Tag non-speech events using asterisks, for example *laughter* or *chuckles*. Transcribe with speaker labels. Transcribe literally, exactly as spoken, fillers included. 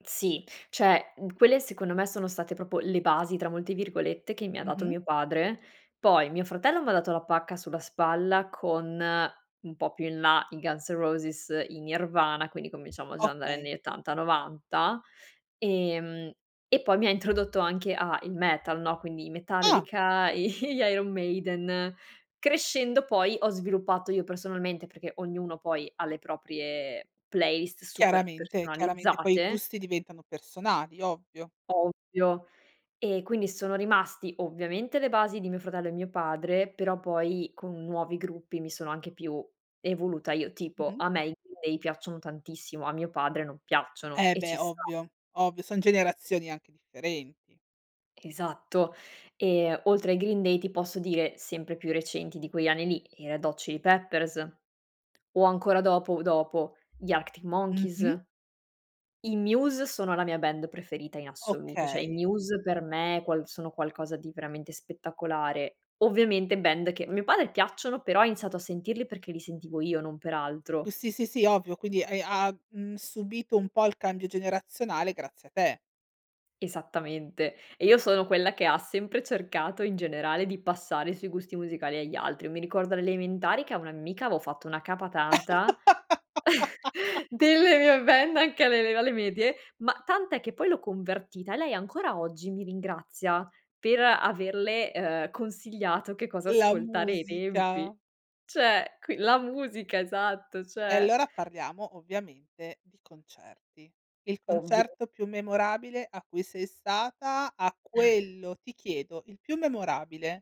Speaker 1: Sì, cioè quelle secondo me sono state proprio le "basi", tra molte virgolette, che mi ha dato
Speaker 2: Mh-mh.
Speaker 1: mio padre. Poi mio fratello m'ha dato la pacca sulla spalla, con un po' più in là i Guns N' Roses, i Nirvana, quindi cominciamo già a andare
Speaker 2: Okay.
Speaker 1: negli ottanta, novanta, ehm, e poi mi ha introdotto anche a il metal, no, quindi i
Speaker 2: Ah.
Speaker 1: Metallica, gli Iron Maiden. Crescendo poi ho sviluppato io personalmente, perché ognuno poi ha le proprie playlist super
Speaker 2: Chiaramente, chiaramente, poi i
Speaker 1: personalizzate.
Speaker 2: gusti diventano personali, ovvio.
Speaker 1: Ovvio. E quindi sono rimasti, ovviamente le basi di mio fratello e mio padre, però poi con nuovi gruppi mi sono anche più evoluta io tipo,
Speaker 2: Mh-mh.
Speaker 1: a me i Green Day piacciono tantissimo, a mio padre non piacciono
Speaker 2: Eh
Speaker 1: e ci
Speaker 2: beh
Speaker 1: sta.
Speaker 2: ovvio, ovvio, son generazioni anche differenti.
Speaker 1: Esatto. Ehm, oltre ai Green Day ti posso dire, sempre più recenti di quegli anni lì, i Red Hot Chili Peppers, o ancora dopo dopo gli Active
Speaker 2: Mh-mh.
Speaker 1: Monkeys. I Muse sono la mia band preferita in assoluto, cioè i
Speaker 2: Okay.
Speaker 1: Muse per me quals sono qualcosa di veramente spettacolare. Ovviamente band che a mio padre piacciono, però ha iniziato a sentirli perché li sentivo io, non per altro.
Speaker 2: C sì, sì, sì, ovvio. Quindi hai ha mhmm, subito un po' il cambio generazionale grazie a te.
Speaker 1: Esattamente. E io sono quella che ha sempre cercato in generale di passare i suoi gusti musicali agli altri. Mi ricordo alle elementari che a una mia ammica avevo fatto una capa tanta,
Speaker 2: *laughs*
Speaker 1: *laughs* delle mie band anche alle ele alle medie, ma tant'è che poi l'ho convertita e lei ancora oggi mi ringrazia per averle, uhm, consigliato che cosa
Speaker 2: La
Speaker 1: ascoltare ai tempi.
Speaker 2: musica.
Speaker 1: Cioè qui la musica, esatto,
Speaker 2: E
Speaker 1: cioè
Speaker 2: allora parliamo ovviamente di concerti. Il
Speaker 1: Ovvio.
Speaker 2: concerto più memorabile a cui sei stata, a
Speaker 1: *chuckles*
Speaker 2: quello ti chiedo, il più memorabile?